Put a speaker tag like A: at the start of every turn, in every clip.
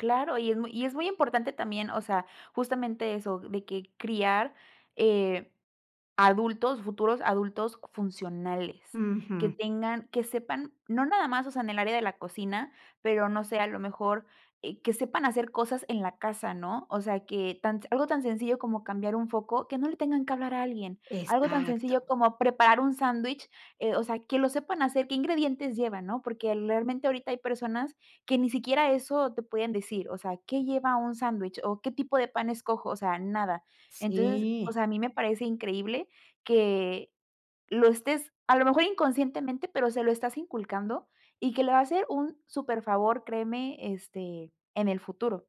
A: Claro, y es muy y es muy importante también, o sea, justamente eso, de que criar, eh, adultos, futuros adultos funcionales. Que
B: Ujú.
A: tengan que sepan, no nada más, o sea, en el área de la cocina, pero no sé, a lo mejor, eh, que sepan hacer cosas en la casa, ¿no? O sea, que tan algo tan sencillo como cambiar un foco, que no le tengan que hablar a alguien, algo tan
B: Exacto.
A: sencillo como preparar un sándwich, eh, o sea, que lo sepan hacer, qué ingredientes lleva, ¿no? Porque, realmente, ahorita hay personas que ni siquiera eso te pueden decir, o sea, ¿qué lleva un sándwich? ¿O qué tipo de pan escojo? O sea, nada. Entonces, o
B: Sí.
A: sea, a mí me parece increíble que lo estés a lo mejor inconscientemente, pero se lo estás inculcando, y que le va a hacer un superfavor, créeme, este, en el futuro.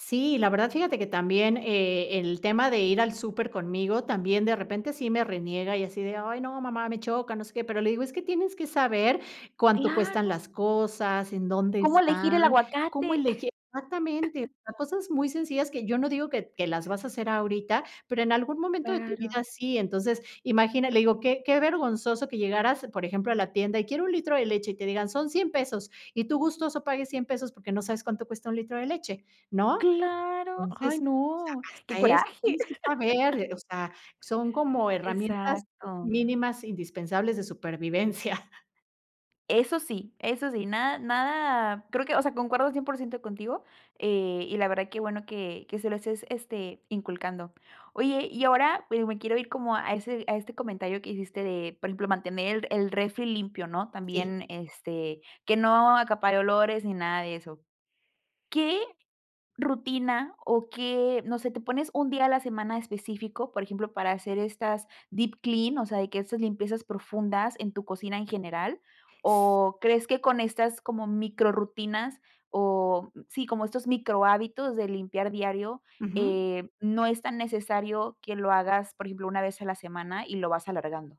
B: Sí, la verdad, fíjate que también, eh, el tema de ir al súper conmigo, también de repente sí me reniega, y así de: "Ay, no, mamá, me choca, no sé qué". Pero, le digo, es que tienes que saber cuánto cuestan
A: Claro
B: las cosas, en dónde
A: cómo elegir
B: están,
A: el
B: cómo
A: aguacate.
B: elegir exactamente, cosas muy sencillas, que yo no digo que que las vas a hacer ahorita, pero, en algún momento de tu
A: Claro.
B: vida sí. Entonces, imagina, le digo: "Qué qué vergonzoso que llegaras, por ejemplo, a la tienda, y quiero un litro de leche", y te digan: "Son $100 pesos", y tú gustoso pagues $100 pesos, porque, no sabes cuánto cuesta un litro de leche, ¿no?
A: Claro. Ay,
B: Entonces, o
A: no,
B: sea,
A: qué
B: hasta eso
A: coraje.
B: tienes que saber, eh, o sea, son como herramientas
A: Exacto.
B: mínimas indispensables de supervivencia.
A: Eso sí, eso sí, nada nada creo que, o sea, concuerdo 100% contigo, eh, y la verdad qué bueno que que se lo estés, este, inculcando. Oye, y ahora, pues, me quiero ir, como a ese a este comentario que hiciste de, por ejemplo, mantener el refri limpio, ¿no?
B: Sí.
A: También, este, que no acapare olores, ni nada de eso. ¿Qué rutina, o qué, no sé, te pones un día a la semana específico? Ejemplo, para hacer estas, deep clean, o sea, que esas limpiezas profundas en tu cocina en general, o crees que con estas, como micro rutinas, oh, sí, como estos micro hábitos de limpiar diario,
B: Ujú.
A: eh, no es tan necesario que lo hagas, por ejemplo, una vez a la semana y lo vas alargando.